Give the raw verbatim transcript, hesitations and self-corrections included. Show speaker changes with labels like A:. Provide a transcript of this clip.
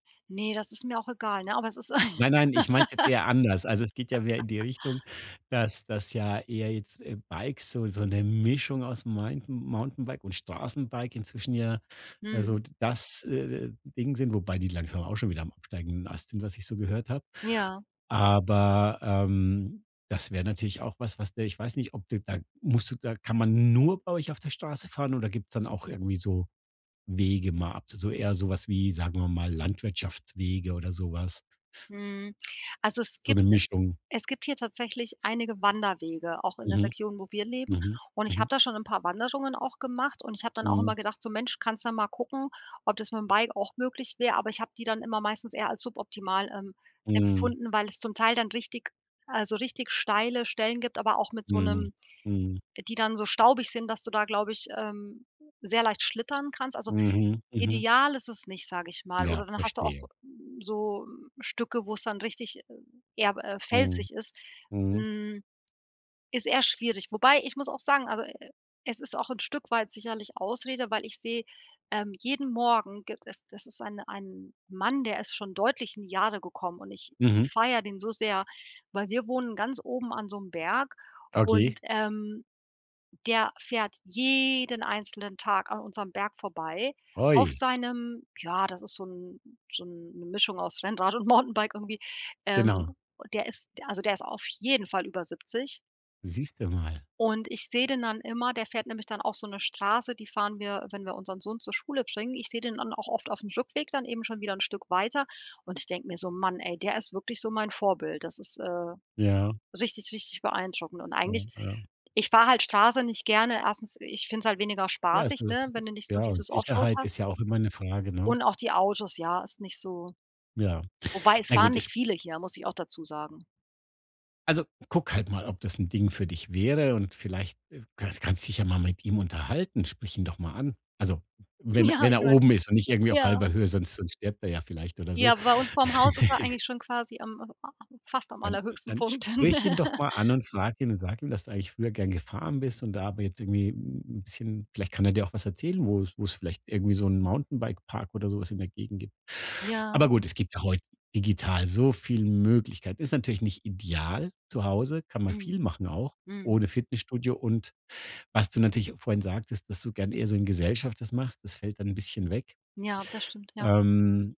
A: Ne, das ist mir auch egal, ne, aber es ist ein
B: Nein, nein, ich meine es jetzt eher anders. Also, es geht ja mehr in die Richtung, dass dass, ja, eher jetzt Bikes so so 'ne Mischung aus Meinten Mountainbike und Straßenbike inzwischen ja, also,
A: Mhm.
B: d das, äh, äh, Ding sind, wobei die langsam auch schon wieder am absteigenden Ast sind, was ich so gehört habe.
A: Ja.
B: Aber, ähm, das wäre natürlich auch was, was der ich weiß nicht, ob du da musst du da kann man nur bei euch auf der Straße fahren oder gibt's dann auch irgendwie so Wege mal ab? So eher so was wie, sagen wir mal, Landwirtschaftswege oder so was?
A: Mhm. Also, es
B: So 'ne
A: gibt
B: Mischung.
A: es gibt hier tatsächlich einige Wanderwege, auch in der
B: Mhm,
A: Region, wo wir leben
B: mhm,
A: und ich habe
B: mhm.
A: da schon 'n paar Wanderungen auch gemacht und ich habe dann auch immer
B: Mhm.
A: gedacht so: „Mensch, kannst ja mal gucken, ob das mit'm Bike auch möglich wäre.“ Aber ich habe die dann immer meistens eher als suboptimal, ähm,
B: Mhm.
A: empfunden, weil es zum Teil dann richtig also richtig steile Stellen gibt, aber auch mit so
B: Mm,
A: 'nem
B: mhm.
A: die dann so staubig sind, dass du da, glaube ich, ähm, sehr leicht schlittern kannst. Also,
B: Mhm, mhm.
A: ideal ist es nicht, sage ich mal
B: Ja,
A: oder dann hast du auch
B: verstehe.
A: so, ähm, Stücke, wo es dann richtig eher, äh,
B: Mhm,
A: felsig ist.
B: mhm.
A: Hm. Ist eher schwierig, wobei, ich muss auch sagen, also, e e es ist auch 'n Stück weit sicherlich Ausrede, weil ich sehe, ähm, jeden Morgen gibt es das ist ein ein Mann, der ist schon deutlich in die Jahre gekommen und ich
B: Mhm.
A: feiere den so sehr, weil wir wohnen ganz oben an so 'nem Berg
B: Okay.
A: und, ähm, der fährt jeden einzelnen Tag an unserem Berg vorbei auf
B: Oi.
A: seinem ja, das ist so 'n so 'n 'ne Mischung aus Rennrad und Mountainbike irgendwie. Ähm,
B: Genau.
A: der ist, d also, der ist auf jeden Fall über siebzig.
B: Siehst du mal.
A: Und ich sehe den dann immer, der fährt nämlich dann auch so 'ne Straße, die fahren wir, wenn wir unseren Sohn zur Schule bringen. Ich sehe den dann auch oft auf'm Rückweg dann eben schon wieder 'n Stück weiter und ich denke mir so: „Man ey, der ist wirklich so mein Vorbild. Das ist, äh,
B: Ja.
A: richtig, richtig beeindruckend.“ Und
B: Ja,
A: eigentlich
B: ja.
A: ich fahre halt Straße nicht gerne, erstens ich finde es halt weniger
B: Ja, ist
A: spaßig, ne,
B: das
A: wenn du nicht so
B: Ja,
A: dieses offroad
B: Sicherheit
A: hast
B: ist ja auch immer 'ne Frage, ne?
A: und auch die Autos, ja, ist nicht so
B: Ja.
A: Wobei es
B: Na
A: fahren
B: gut, es
A: nicht viele hier, muss ich auch dazu sagen.
B: Also, guck halt mal, ob das 'n Ding für dich wäre und vielleicht, äh, kann kannst dich ja mal mit ihm unterhalten, sprich ihn doch mal an. Also, wenn
A: Ja,
B: wenn
A: ich
B: er
A: meine
B: oben ist und nicht irgendwie auf
A: ja.
B: halber Höhe, sonst sonst stirbt er ja vielleicht oder so.
A: Ja, bei uns vorm Haus ist er eigentlich schon quasi am am fast am
B: Dann
A: allerhöchsten
B: dann
A: Punkt.
B: sprich ihn doch mal an und frag ihn und sag ihm, dass du eigentlich früher gern gefahren bist und da aber jetzt irgendwie 'n bisschen vielleicht kann er dir auch was erzählen, wo's wo's vielleicht irgendwie so 'n Mountainbike-Park oder so was in der Gegend gibt. Aber
A: Ja.
B: gut, es gibt ja heute digital so viel Möglichkeiten. Ist natürlich nicht ideal zu Hause, kann man viel
A: Mhm.
B: machen auch
A: Mhm.
B: ohne Fitnessstudio. Und was du natürlich vorhin sagtest, dass du gern eher so in Gesellschaft das machst, das fällt dann bisschen weg.
A: Ja, das stimmt, ja.
B: Ähm.